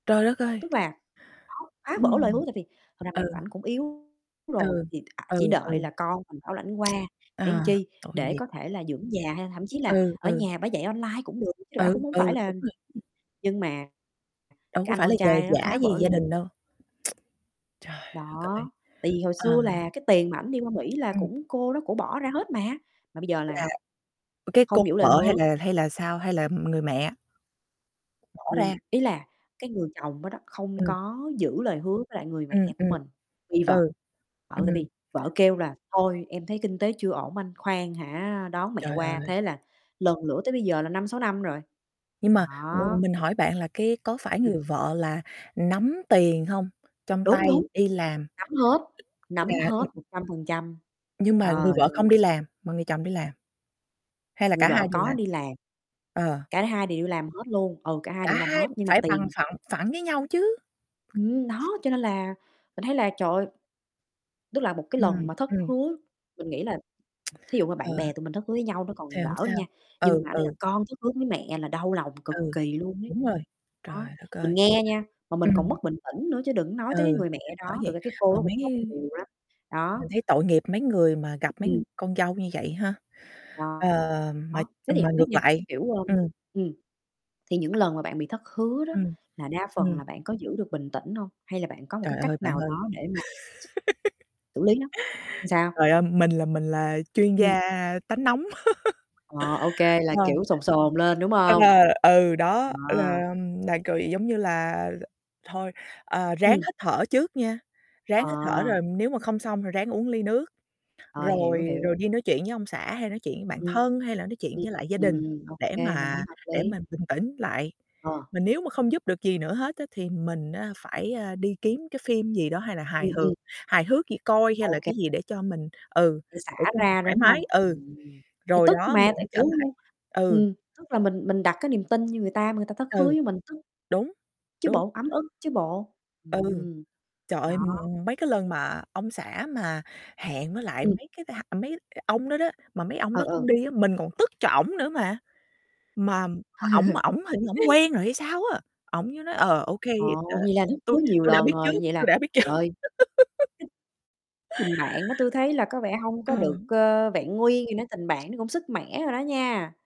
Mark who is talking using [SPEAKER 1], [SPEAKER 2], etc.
[SPEAKER 1] Trời đất ơi!
[SPEAKER 2] Tức là nó phá vỡ lời hứa
[SPEAKER 1] Ừm.
[SPEAKER 2] tại vì thật ra mẹ của
[SPEAKER 1] Ừ.
[SPEAKER 2] ảnh cũng yếu rồi
[SPEAKER 1] Ừ.
[SPEAKER 2] thì [unintelligible]
[SPEAKER 1] Ừ,
[SPEAKER 2] chỉ
[SPEAKER 1] ừ.
[SPEAKER 2] đợi là con mình bảo lãnh qua
[SPEAKER 1] Ờ,
[SPEAKER 2] để làm chi,
[SPEAKER 1] tội
[SPEAKER 2] để
[SPEAKER 1] nghiệp.
[SPEAKER 2] có thể là dưỡng già hay thậm chí là
[SPEAKER 1] Ừ,
[SPEAKER 2] ở
[SPEAKER 1] ừ.
[SPEAKER 2] nhà bả dạy online cũng được chứ bả cũng
[SPEAKER 1] Ừ,
[SPEAKER 2] hổng phải
[SPEAKER 1] ừ,
[SPEAKER 2] là
[SPEAKER 1] đúng rồi.
[SPEAKER 2] [unintelligible] nhưng mà
[SPEAKER 1] Đâu
[SPEAKER 2] cái
[SPEAKER 1] có
[SPEAKER 2] anh
[SPEAKER 1] phải là
[SPEAKER 2] con
[SPEAKER 1] nhờ
[SPEAKER 2] trai nó
[SPEAKER 1] vả
[SPEAKER 2] phá
[SPEAKER 1] gì
[SPEAKER 2] vỡ
[SPEAKER 1] gia đình
[SPEAKER 2] [unintelligible]
[SPEAKER 1] đâu. Trời đất ơi!
[SPEAKER 2] Đó. Tại vì hồi
[SPEAKER 1] Ờ.
[SPEAKER 2] xưa là cái tiền mà ảnh đi qua Mỹ là
[SPEAKER 1] Ừm.
[SPEAKER 2] cũng cô đó cô bỏ ra hết mà, mà bây giờ
[SPEAKER 1] Là
[SPEAKER 2] là
[SPEAKER 1] cái cô
[SPEAKER 2] không giữ lời
[SPEAKER 1] vợ hay
[SPEAKER 2] hứa.
[SPEAKER 1] là hay là sao? Hay là người mẹ? Bỏ
[SPEAKER 2] Người
[SPEAKER 1] ra.
[SPEAKER 2] ý là cái người chồng đó đó, không
[SPEAKER 1] Ừm.
[SPEAKER 2] có giữ lời hứa với lại người
[SPEAKER 1] Ừm,
[SPEAKER 2] mẹ của
[SPEAKER 1] ừm.
[SPEAKER 2] mình, vì vợ
[SPEAKER 1] Ừ.
[SPEAKER 2] vợ
[SPEAKER 1] Ừm.
[SPEAKER 2] tại vì vợ kêu là "Thôi, em thấy kinh tế chưa ổn anh, khoan hả đón mẹ
[SPEAKER 1] Trời
[SPEAKER 2] qua"
[SPEAKER 1] ơi!
[SPEAKER 2] thế là lần lữa tới bây giờ là 5-6 năm rồi.
[SPEAKER 1] Nhưng mà mình
[SPEAKER 2] Đó.
[SPEAKER 1] mình hỏi bạn là cái có phải
[SPEAKER 2] Ừm.
[SPEAKER 1] người vợ là nắm tiền hông, trong
[SPEAKER 2] Đúng,
[SPEAKER 1] tay
[SPEAKER 2] đúng.
[SPEAKER 1] đi làm?
[SPEAKER 2] Nắm hết, nắm
[SPEAKER 1] Là
[SPEAKER 2] hết
[SPEAKER 1] ưm.
[SPEAKER 2] 100%.
[SPEAKER 1] Nhưng
[SPEAKER 2] Trời
[SPEAKER 1] mà người vợ
[SPEAKER 2] ơi!
[SPEAKER 1] không đi làm, mà người chồng đi làm? Hay là
[SPEAKER 2] Người
[SPEAKER 1] cả
[SPEAKER 2] vợ
[SPEAKER 1] hai đều
[SPEAKER 2] có
[SPEAKER 1] làm?
[SPEAKER 2] đi làm.
[SPEAKER 1] Ờ.
[SPEAKER 2] Cả hai đều đi làm hết luôn, ừ, cả hai
[SPEAKER 1] Cả
[SPEAKER 2] đều đi làm
[SPEAKER 1] hai
[SPEAKER 2] hết, nhưng mà
[SPEAKER 1] phải bằng
[SPEAKER 2] tiền
[SPEAKER 1] phẳng phẳng với nhau chứ!
[SPEAKER 2] Ừm, đó, cho nên là mình thấy là, trời ơi, tức là một cái lần
[SPEAKER 1] Ừm.
[SPEAKER 2] mà thất
[SPEAKER 1] ừm.
[SPEAKER 2] hứa mình nghĩ là thí dụ mà
[SPEAKER 1] Ờ.
[SPEAKER 2] bạn bè tụi mình thất hứa với nhau nó còn
[SPEAKER 1] Thì hổng
[SPEAKER 2] đỡ đi
[SPEAKER 1] sao.
[SPEAKER 2] nha, nhưng
[SPEAKER 1] Ừ,
[SPEAKER 2] mà ở đây là
[SPEAKER 1] ừ.
[SPEAKER 2] con thất hứa với mẹ là đau lòng cực
[SPEAKER 1] Ừ.
[SPEAKER 2] kỳ luôn ấy.
[SPEAKER 1] Đúng rồi.
[SPEAKER 2] Đó,
[SPEAKER 1] Trời đất
[SPEAKER 2] mình
[SPEAKER 1] ơi.
[SPEAKER 2] nghe nha, mà mình còn
[SPEAKER 1] Ừm.
[SPEAKER 2] mất bình tĩnh nữa, chứ đừng nói tới cái
[SPEAKER 1] Ừ.
[SPEAKER 2] người mẹ
[SPEAKER 1] Bởi
[SPEAKER 2] đó, thực
[SPEAKER 1] vậy
[SPEAKER 2] ra cái cô
[SPEAKER 1] mà
[SPEAKER 2] đó cũng
[SPEAKER 1] mấy
[SPEAKER 2] khóc
[SPEAKER 1] cái
[SPEAKER 2] nhiều lắm. Đó.
[SPEAKER 1] mình thấy tội nghiệp mấy người mà gặp mấy
[SPEAKER 2] Ừm.
[SPEAKER 1] con dâu như vậy ha. Ờ,
[SPEAKER 2] Đó,
[SPEAKER 1] mà,
[SPEAKER 2] thế
[SPEAKER 1] ờ,
[SPEAKER 2] thì
[SPEAKER 1] mà
[SPEAKER 2] hổng biết
[SPEAKER 1] ngược
[SPEAKER 2] nha,
[SPEAKER 1] lại
[SPEAKER 2] kiểu, ơ,
[SPEAKER 1] ừm.
[SPEAKER 2] ừm, thì những lần mà bạn bị thất hứa đó
[SPEAKER 1] Ừm.
[SPEAKER 2] là đa phần
[SPEAKER 1] Ừm.
[SPEAKER 2] là bạn có giữ được bình tĩnh hông, hay là bạn có một cái
[SPEAKER 1] Trời ơi,
[SPEAKER 2] cách nào
[SPEAKER 1] bạn ơi.
[SPEAKER 2] đó để mà x xử lý nó? Làm sao?
[SPEAKER 1] Trời ơi, mình là mình là chuyên
[SPEAKER 2] Ừm.
[SPEAKER 1] gia tánh nóng.
[SPEAKER 2] Ờ, OK, là
[SPEAKER 1] Ờ.
[SPEAKER 2] kiểu sồn sồn lên, đúng
[SPEAKER 1] À,
[SPEAKER 2] hông?
[SPEAKER 1] ừ, đó,
[SPEAKER 2] Ờ.
[SPEAKER 1] ư, là là cười giống như là ờ, thôi, ờ, ráng
[SPEAKER 2] Ừm.
[SPEAKER 1] hít thở trước nha, ráng hít thở
[SPEAKER 2] Ờ.
[SPEAKER 1] rồi nếu mà không xong thì ráng uống ly nước,
[SPEAKER 2] Ờ, hiểu,
[SPEAKER 1] rồi
[SPEAKER 2] hiểu.
[SPEAKER 1] rồi đi nói chuyện với ông xã hay nói chuyện với bạn
[SPEAKER 2] Ừm.
[SPEAKER 1] thân hay là nói chuyện
[SPEAKER 2] Ừm
[SPEAKER 1] với lại gia
[SPEAKER 2] Ừm,
[SPEAKER 1] đình
[SPEAKER 2] ừm, ô
[SPEAKER 1] để
[SPEAKER 2] kê mình thấy
[SPEAKER 1] mà
[SPEAKER 2] hợp
[SPEAKER 1] để
[SPEAKER 2] lý.
[SPEAKER 1] mình bình tĩnh lại.
[SPEAKER 2] Ờ.
[SPEAKER 1] Mà nếu mà không giúp được gì nữa hết á thì mình á phải, a, đi kiếm cái phim gì đó, hay là hài
[SPEAKER 2] Ừm,
[SPEAKER 1] hước
[SPEAKER 2] ừm.
[SPEAKER 1] hài hước gì coi hay
[SPEAKER 2] Ô
[SPEAKER 1] là
[SPEAKER 2] kê.
[SPEAKER 1] cái gì để cho mình, ừ,
[SPEAKER 2] Để xả
[SPEAKER 1] để cho mình
[SPEAKER 2] ra,
[SPEAKER 1] thoải
[SPEAKER 2] đúng
[SPEAKER 1] mái,
[SPEAKER 2] hông?
[SPEAKER 1] ừ.
[SPEAKER 2] Ừm. Thì
[SPEAKER 1] Rồi
[SPEAKER 2] tức
[SPEAKER 1] đó mình
[SPEAKER 2] mà tại,
[SPEAKER 1] mới trở
[SPEAKER 2] kiểu
[SPEAKER 1] lại. Ừ.
[SPEAKER 2] ừm, tức là mình mình đặt cái niềm tin như người ta mà người ta thất hứa
[SPEAKER 1] Ừ.
[SPEAKER 2] với mình, tức
[SPEAKER 1] Đúng.
[SPEAKER 2] chứ
[SPEAKER 1] Đúng.
[SPEAKER 2] bộ, ấm ức chứ bộ.
[SPEAKER 1] Ừ.
[SPEAKER 2] Ừm.
[SPEAKER 1] Trời
[SPEAKER 2] Đó.
[SPEAKER 1] ơi, ừm, ừm, mấy cái lần mà ông xã mà hẹn với lại
[SPEAKER 2] Ừm.
[SPEAKER 1] mấy cái mấy cái [unintelligible] mấy [unintelligible] ông đó đó, mà mấy ông
[SPEAKER 2] Ừ,
[SPEAKER 1] đó
[SPEAKER 2] ừ.
[SPEAKER 1] không đi á, mình còn tức cho ổng nữa mà. Mà mà ổng mà ổng hình như ổng quen rồi hay sao á! Ổng với nói: "Ờ, ô kê đã
[SPEAKER 2] Ồ, vậy là thất hứa
[SPEAKER 1] tôi
[SPEAKER 2] nhiều
[SPEAKER 1] tôi đã
[SPEAKER 2] lần
[SPEAKER 1] biết trước,
[SPEAKER 2] rồi, vậy là
[SPEAKER 1] tôi đã biết trước."
[SPEAKER 2] trời ơi. Tình bạn đó tui thấy là có vẻ hông có được,
[SPEAKER 1] Ừm.
[SPEAKER 2] ơ, vẹn nguyên gì nữa, tình bạn nó cũng sứt mẻ rồi đó nha.